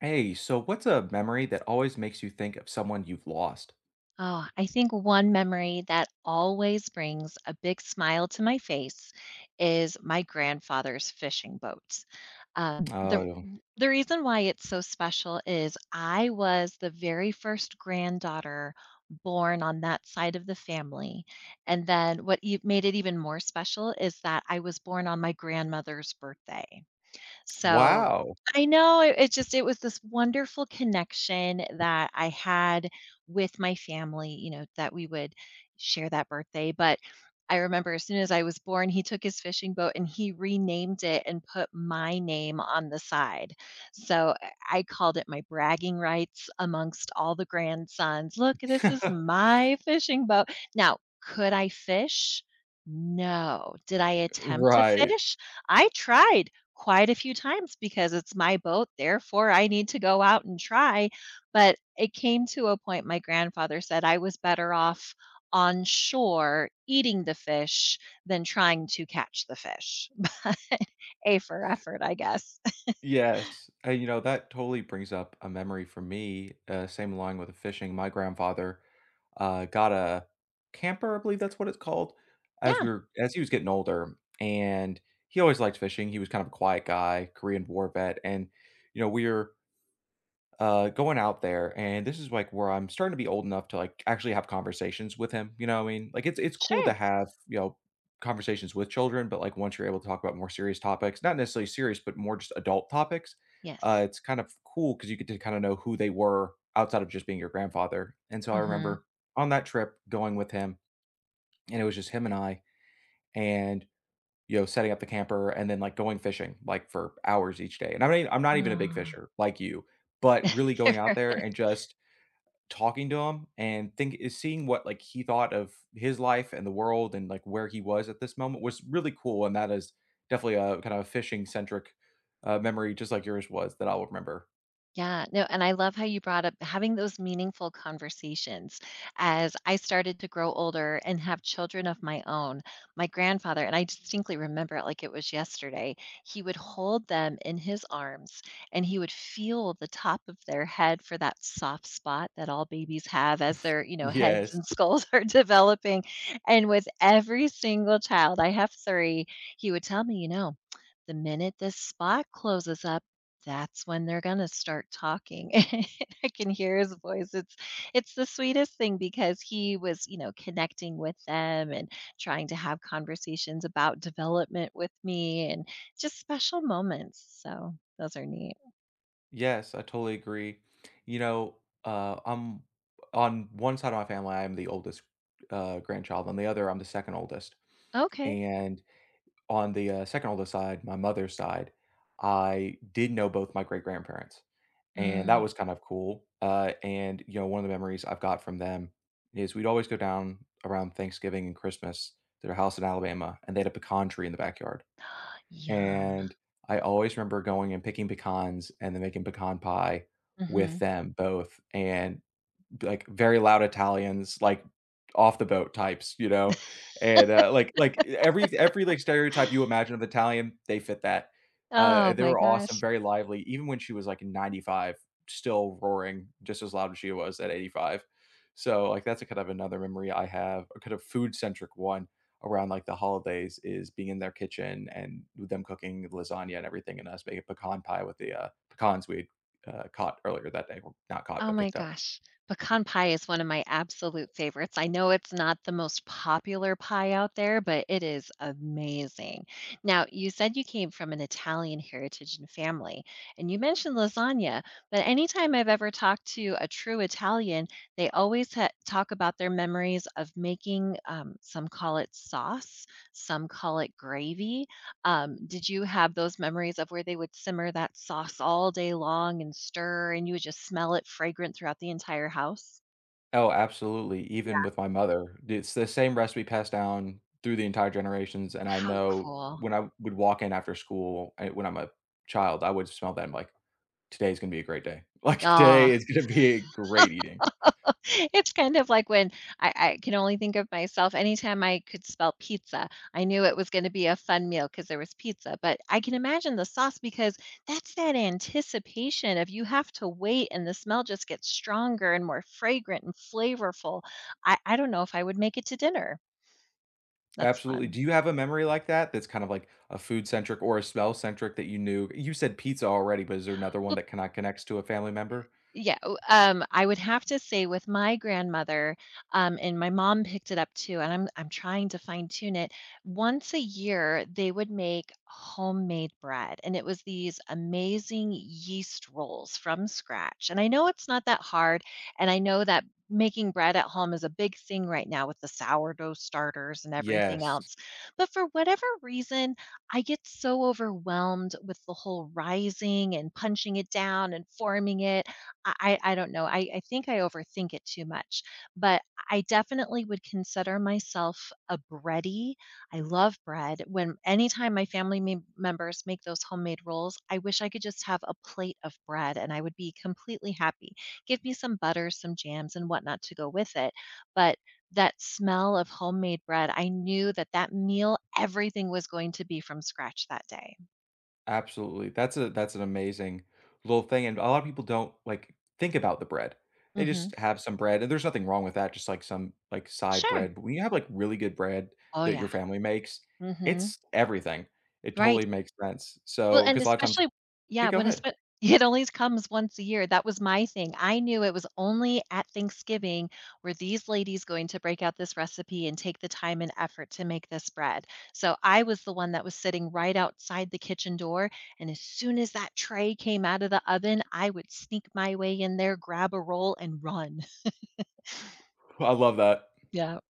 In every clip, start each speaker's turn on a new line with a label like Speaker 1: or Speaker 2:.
Speaker 1: Hey, so what's a memory that always makes you think of someone you've lost?
Speaker 2: Oh, I think one memory that always brings a big smile to my face is my grandfather's fishing boat. Um, the
Speaker 1: Oh.
Speaker 2: the r the reason why it's so special is I was the very first granddaughter born on that side of the family, and then what y made it even more special is that I was born on my grandmother's birthday. So
Speaker 1: Wow.
Speaker 2: I know, it it just it was this wonderful connection that I had with my family, you know, that we would share that birthday, but I remember as soon as I was born, he took his fishing boat, and he renamed it and put my name on the side, so I I called it my bragging rights amongst all the grandsons. "Look, this is my fishing boat." Now, could I fish? No. Did I attempt to
Speaker 1: Right.
Speaker 2: fish? I tried quite a few times because it's my boat, therefore I need to go out and try, but it came to a point my grandfather said "I was better off on shore eating the fish than trying to catch the fish," but A for effort, I guess.
Speaker 1: Yes. And you know, that totally brings up a memory for me, uh, same along with the fishing, my grandfather, uh, got a camper- I believe that's what it's called- as
Speaker 2: Yeah.
Speaker 1: we were as he was getting older, and he always liked fishing, he was kind of a quiet guy, Korean War vet, and, you know, we're uh, going out there, and this is like where I'm starting to be old enough to like actually have conversations with him, you know what I mean? Like it's it's cool to
Speaker 2: Sure.
Speaker 1: have, you know, conversations with children, but like once you're able to talk about more serious topics, not necessarily serious, but more just adult topics, uh,
Speaker 2: Yes.
Speaker 1: it's kind of cool 'cause you get to kinda know who they were outside of just being your grandfather, and so I
Speaker 2: Mhm.
Speaker 1: remember on that trip going with him, and it was just him and I, and, you know, setting up the camper and then like going fishing, like, for hours each day and I'm not e I'm not even a big
Speaker 2: Aw.
Speaker 1: fisher, like you, but really going out there and just talking to him and think eh, seeing what like he thought of his life and the world and like where he was at this moment was really cool, and that is definitely a kinda a fishing-centric, uh, memory just like yours was that I'll remember.
Speaker 2: Yeah, no, and I love how you brought up having those meaningful conversations. As I started to grow older and have children of my own, my grandfather and I distinctly remember it like it was yesterday, he would hold them in his arms, and he would feel the top of their head for that soft spot that all babies have as their, you know, heads and
Speaker 1: Yes.
Speaker 2: skulls are developing. And with every single child, I have 3, he would tell me, "You know, the minute this spot closes up, that's when they're gonna start talking," and I can hear his voice, it's it's the sweetest thing because he was, you know, connecting with them and trying to have conversations about development with me, and just special moments, so those are neat.
Speaker 1: Yes, I totally agree. You know, uh, I'm on one side of my family, I am the oldest, uh, grandchild, on the other, I'm the second oldest.
Speaker 2: Okay.
Speaker 1: And on the, uh, second oldest side, my mother's side, I did know both my great-grandparents, and that
Speaker 2: Mm.
Speaker 1: was kind of cool. Uh, and, you know, one of the memories I've got from them is we'd always go down around Thanksgiving and Christmas to their house in Alabama, and they had a pecan tree in the backyard.
Speaker 2: Yum.
Speaker 1: And I always remember going and picking pecans and then making pecan pie with
Speaker 2: Mhm.
Speaker 1: them both, and b like very loud Italians, like off the boat types, you know? And, uh, like like every every like stereotype you imagine of Italian, they fit that. Uh,
Speaker 2: Oh
Speaker 1: they
Speaker 2: my
Speaker 1: were awesome,
Speaker 2: gosh.
Speaker 1: very lively, even when she was like 95, still roaring just as loud as she was at 85. So, like, that's a kind of another memory I have, a kind of food-centric one around, like, the holidays is being in their kitchen and with them cooking lasagna and everything, and us making pecan pie with the, uh, pecans we'd, uh, caught earlier that day, well, not caught,
Speaker 2: Oh
Speaker 1: but
Speaker 2: my
Speaker 1: picked up.
Speaker 2: gosh. Pecan pie is one of my absolute favorites, I know it's not the most popular pie out there, but it is amazing. Now, you said you came from an Italian heritage and family, and you mentioned lasagna, but anytime I've ever talked to a true Italian, they always ha talk about their memories of making, um, some call it sauce, some call it gravy. Um, did you have those memories of where they would simmer that sauce all day long and stir and you would just smell it fragrant throughout the entire house?
Speaker 1: Oh, absolutely, even
Speaker 2: Yeah.
Speaker 1: with my mother, it's the same recipe passed down through the entire generations, and I
Speaker 2: How
Speaker 1: know
Speaker 2: cool.
Speaker 1: when I w would walk in after school, uh, when I'm a child, I would smell that, I'm, like, "Today's gonna be a great day. Like, today
Speaker 2: Aw.
Speaker 1: is gonna be great eating."
Speaker 2: It's kind of like when I I can only think of myself, anytime I could smell pizza, I knew it was gonna be a fun meal 'cause there was pizza but I can imagine the sauce because that's that anticipation of you have to wait and the smell just gets stronger, and more fragrant, and flavorful. I I don't know if I would make it to dinner. That's
Speaker 1: Absolutely,
Speaker 2: fun.
Speaker 1: do you have a memory like that, that's kinda like a food centric or a smell centric that you knew? You said pizza already, but is there another one
Speaker 2: Well
Speaker 1: that kinda connects to a family member?
Speaker 2: Yeah, w um, I would have to say with my grandmother, um, and my mom picked it up too, and I'm I'm trying to fine-tune it, once a year, they would make homemade bread, and it was these amazing yeast rolls from scratch and I know it's not that hard, and I know that making bread at home is a big thing right now with the sourdough starters and everything
Speaker 1: Yes.
Speaker 2: else, but for whatever reason, I get so overwhelmed with the whole rising, and punching it down, and forming it. I I I don't know, I I think I overthink it too much but I definitely would consider myself a bready, I love bread, when anytime my family me members make those homemade rolls, I wish I could just have a plate of bread, and I would be completely happy, give me some butter, some jams, and whatnot to go with it, but that smell of homemade bread, I knew that that meal, everything was going to be from scratch that day.
Speaker 1: Absolutely, that's a that's an amazing little thing, and a lotta people don't, like, think about the bread, they
Speaker 2: Mhm.
Speaker 1: just have some bread and there's nothing wrong with that, just like some, like, side
Speaker 2: Sure.
Speaker 1: bread but when you have, like, really good bread
Speaker 2: Oh,
Speaker 1: that
Speaker 2: yeah.
Speaker 1: your family makes,
Speaker 2: Mhm.
Speaker 1: it's everything. It totally
Speaker 2: Right.
Speaker 1: makes sense,
Speaker 2: Well,
Speaker 1: so
Speaker 2: and
Speaker 1: 'cause a lotta times
Speaker 2: especially
Speaker 1: kay,
Speaker 2: Yeah,
Speaker 1: go
Speaker 2: when
Speaker 1: ahead.
Speaker 2: espe It only comes once a year, that was my thing, I knew it was only at Thanksgiving were these ladies going to break out this recipe and take the time and effort to make this bread, so I was the one that was sitting right outside the kitchen door, and as soon as that tray came out of the oven, I would sneak my way in there, grab a roll, and run.
Speaker 1: I love that.
Speaker 2: Yup.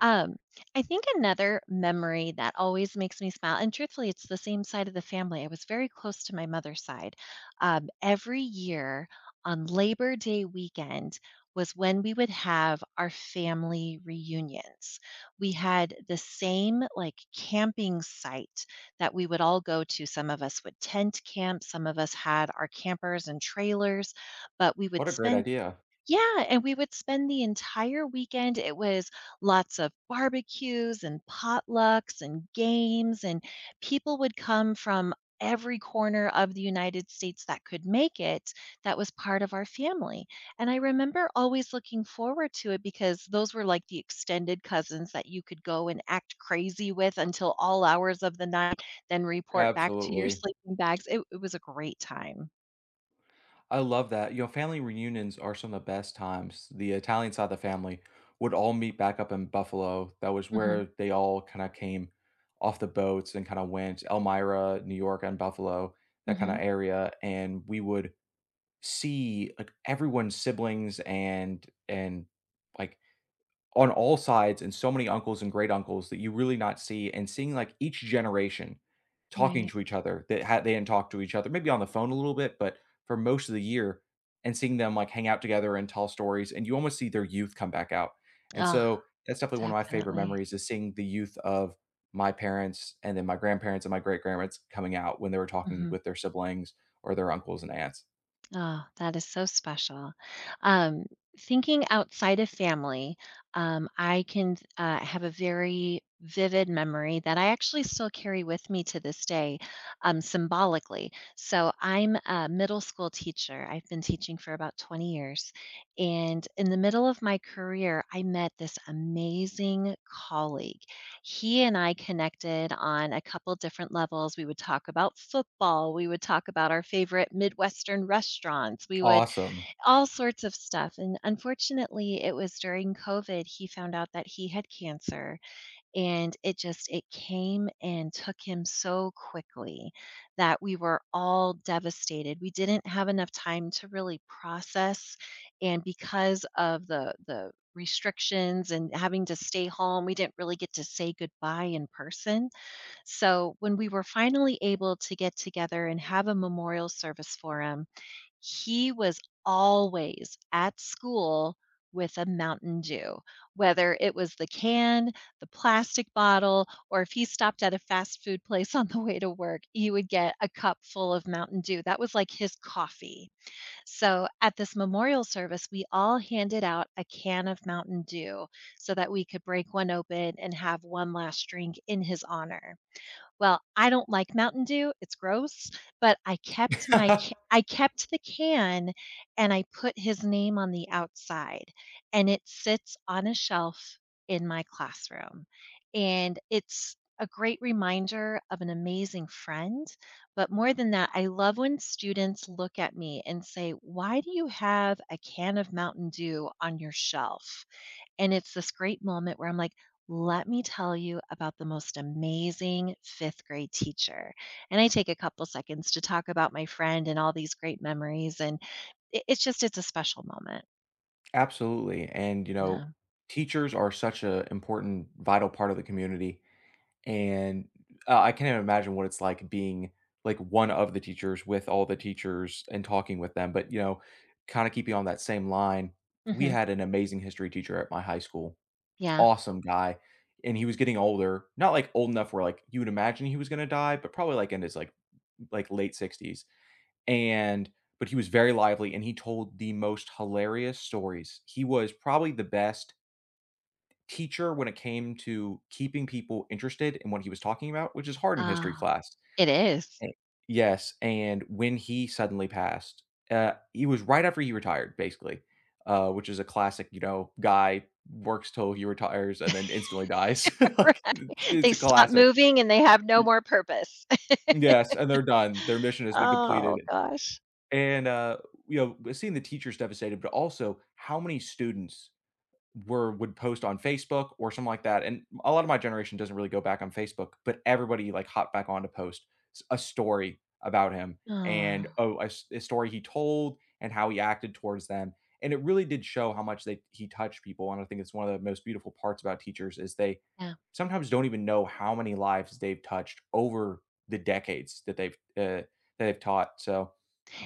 Speaker 2: Um, I think another memory that always makes me smil and truthfully, it's the same side of the family, I was very close to my mother's side, um, every year on Labor Day weekend was when we would have our family reunions, we had the same, like, camping site that we would all go to- some of us would tent camp, some of us had our campers and trailers, but we would
Speaker 1: What a great
Speaker 2: spend
Speaker 1: idea.
Speaker 2: Yeah, and we would spend the entire weekend it was lots of barbecues and potlucks and games, and people would come from every corner of the United States that could make it that was part of our family, and I remember always looking forward to it because those were like the extended cousins that you could go and act crazy with until all hours of the night, then report back to your
Speaker 1: Absolutely.
Speaker 2: sleeping bags, it w it was a great time.
Speaker 1: I love that, you know, family reunions are some of best times. The Italian side of the family would all meet back up in Buffalo, that was
Speaker 2: Mhm.
Speaker 1: where they all kinda came off the boats and kinda went Elmira, New York, and Buffalo, that kinda
Speaker 2: Mhm.
Speaker 1: area and we would see, like, everyone's siblings and and, like, on all sides, and so many uncles and great-uncles that you really not see, and seeing, like, each generation talking
Speaker 2: Right.
Speaker 1: to each other that ha they didn't talk to each other maybe on the phone a little bit, but for most of the year and seeing them, like, hang out together and tell stories, and you almost see their youth come back out. And so that's definitely one of my favorite
Speaker 2: Definitely.
Speaker 1: memories is seeing the youth of my parents, and then my grandparents and my great-grandparents coming out when they were talking
Speaker 2: Mhm.
Speaker 1: with their siblings or their uncles and aunts.
Speaker 2: That is so special. Um, thinking outside of family, um, I can th uh, I have a very vivid memory that I actually still carry with me to this day, um, symbolically, so I'm a middle-school teacher- I've been teaching for about 20 years- and in the middle of my career, I met this amazing colleague. He and I connected on a couple different levels, we would talk about football, we would talk about our favorite Midwestern restaurants, we would
Speaker 1: Awesome.
Speaker 2: all sorts of stuff, and unfortunately, it was during COVID he found out that he had cancer, and it just it came and took him so quickly that we were all devastated, we didn't have enough time to really process, and because of the the restrictions and having to stay home, we didn't really get to say goodbye in person, so when we were finally able to get together and have a memorial service for him he was always at school with a Mountain Dew. Whether it was the can, the plastic bottle, or if he stopped at a fast food place on the way to work, he would get a cup full of Mountain Dew, that was like his coffee. So at this memorial service, we all handed out a can of Mountain Dew, so that we could break one open and have one last drink in his honor. Well, I don't like Mountain Dew, it's gross, but I kept my c I kept the can, and I put his name on the outside, and it sits on a shelf in my classroom. And it's a great reminder of an amazing friend, but more than that, I love when students look at me and say, "Why do you have a can of Mountain Dew on your shelf?" And it's this great moment where I'm like, "Let me tell you about the most amazing fifth-grade teacher," and I take a couple seconds to talk about my friend and all these great memories and it it's just it's a special moment.
Speaker 1: Absolutely, and, you know,
Speaker 2: Yeah.
Speaker 1: teachers are such a important, vital part of the community, and, uh, I can't even imagine what it's like being, like, one of the teachers with all the teachers and talking with them. But, you know, kinda keeping on that same line, we
Speaker 2: Mhm.
Speaker 1: had an amazing History teacher at my high school,
Speaker 2: Yeah.
Speaker 1: awesome guy, and he was getting older not, like, old enough where, like, you would imagine he was gonna die, but probably, like, in his, like, like, late 60s and but he was very lively, and he told the most hilarious stories. He was probably the best teacher, when it came to keeping people interested in what he was talking about, which is hard in History
Speaker 2: Ah.
Speaker 1: class.
Speaker 2: It is.
Speaker 1: E yes, and when he suddenly passed, uh, he was right after he retired, basically, uh, which is a classic, you know, guy works 'till he retires and then instantly dies, like, it's
Speaker 2: Right
Speaker 1: it's
Speaker 2: They
Speaker 1: a
Speaker 2: stop
Speaker 1: classic.
Speaker 2: moving, and they have no
Speaker 1: Y
Speaker 2: more purpose.
Speaker 1: yes, and they're done, their mission has been
Speaker 2: Oh,
Speaker 1: completed.
Speaker 2: gosh.
Speaker 1: And, uh, you know, seeing the teachers devastated, but also how many students were would post on Facebook or something like that, and a a lotta my generation doesn't really go back on Facebook, but everybody, like, hopped back on to post s a story about him, and,
Speaker 2: Aw.
Speaker 1: oh, a s a story he told and how he acted towards them. And it really did show how much they he touched people, and I think it's one of the most beautiful parts about teachers, is, they
Speaker 2: Yeah.
Speaker 1: sometimes don't even know how many lives they've touched over the decades that they've eh, that they've taught. So,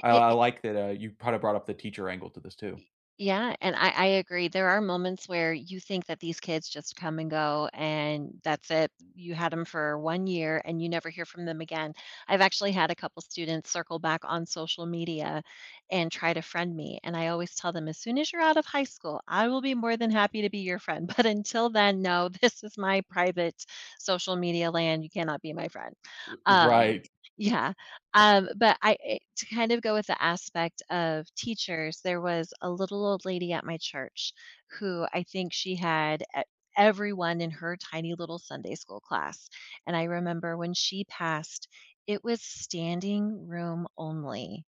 Speaker 1: I
Speaker 2: It
Speaker 1: I
Speaker 2: it
Speaker 1: like that, uh, you b kinda brought up the teacher angle to this, too.
Speaker 2: Y yeah, and I I agree, there are moments where you think that these kids just come and go, and that's it. You had them for 1 year, and you never hear from them again. I've actually had a couple students circle back on social media and try to friend me, and I always tell them, "As soon as you're out of high school, I will be more than happy to be your friend, but until then, no, this is my private social media land, you cannot be my friend."
Speaker 1: U
Speaker 2: Um,
Speaker 1: Right.
Speaker 2: yeah. Um, but I eh, to kind of go with the aspect of teachers, there was a little old lady at my church, who I think she had e everyone in her tiny, little Sunday school class, and I remember when she passed, it was standing-room only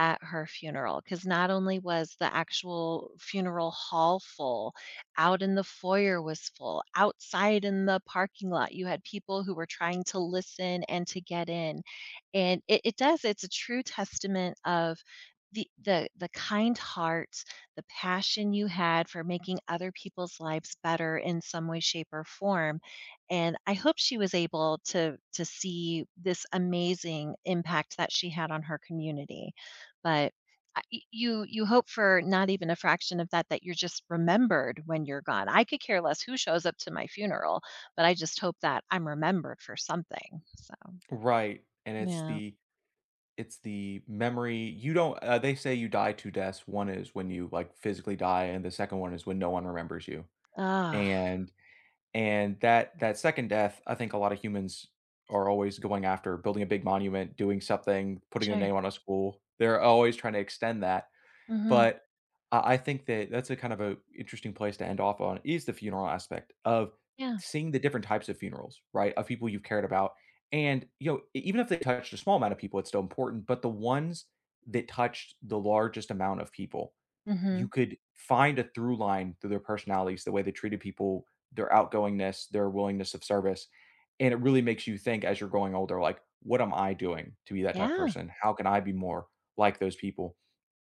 Speaker 2: at her funeral, 'cause not only was the actual funeral hall full, out in the foyer was full, outside in the parking lot, you had people who were trying to listen and to get in. And it it does, it's a true testament of the the the kind heart, the passion you had for making other people's lives better in some way, shape, or form, and, I hope she was able to to see this amazing impact that she had on her community. But, uh, y you, you hope for not even a fraction of that, that you're just remembered when you're gone. I could care less who shows up to my funeral, but I just hope that I'm remembered for something, so.
Speaker 1: Right. And it's
Speaker 2: Yeah.
Speaker 1: the it's the memory. You don't eh, they say you die 2 deaths, 1 is when you, like, physically die, and the 2nd one is when no one remembers you.
Speaker 2: Ugh.
Speaker 1: And and that that 2nd death, I think a lotta humans are always going after building a big monument, doing something, putting their
Speaker 2: Sure.
Speaker 1: name on a school, they're always tryna extend that.
Speaker 2: Mhm.
Speaker 1: But I- I think that that's a kind of a interesting place to end off on, is the funeral aspect of
Speaker 2: Yeah.
Speaker 1: seeing the different types of funerals, right? Of people you've cared about. And, you know, e even if they touched a small amount of people, it's still important. But the ones that touched the largest amount of people, you
Speaker 2: Mhm.
Speaker 1: could find a through line through their personalities, the way they treated people, their outgoingness, their willingness of service. And it really makes you think as you're growing older, like, "What am I doing to be that type of
Speaker 2: Yeah.
Speaker 1: person? How can I be more like those people?"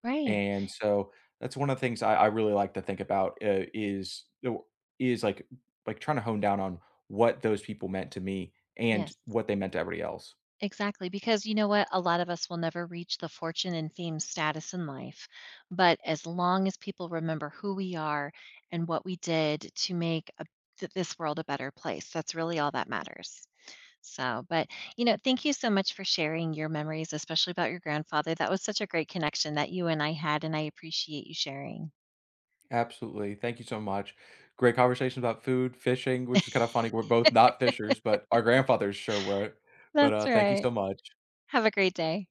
Speaker 2: Right.
Speaker 1: And so, that's one of the things I I really like to think about, uh, is the is like like trying to home down on what those people meant to me, and
Speaker 2: Yes.
Speaker 1: what they meant to everybody else.
Speaker 2: Exactly, because you know what? A lot of us will never reach the fortune and fame status in life, but as long as people remember who we are and what we did to make a th this world a better place, that's really all that matters, so but, you know, thank you so much for sharing your memories, especially about your grandfather. That was such a great connection that you and I had, and I appreciate you sharing.
Speaker 1: Absolutely. Thank you so much. Great conversation about food, fishing, which is kinda funny we're both not fishers but our grandfathers sure were. But,
Speaker 2: That's
Speaker 1: uh, thank you
Speaker 2: right.
Speaker 1: so much
Speaker 2: Have a great day.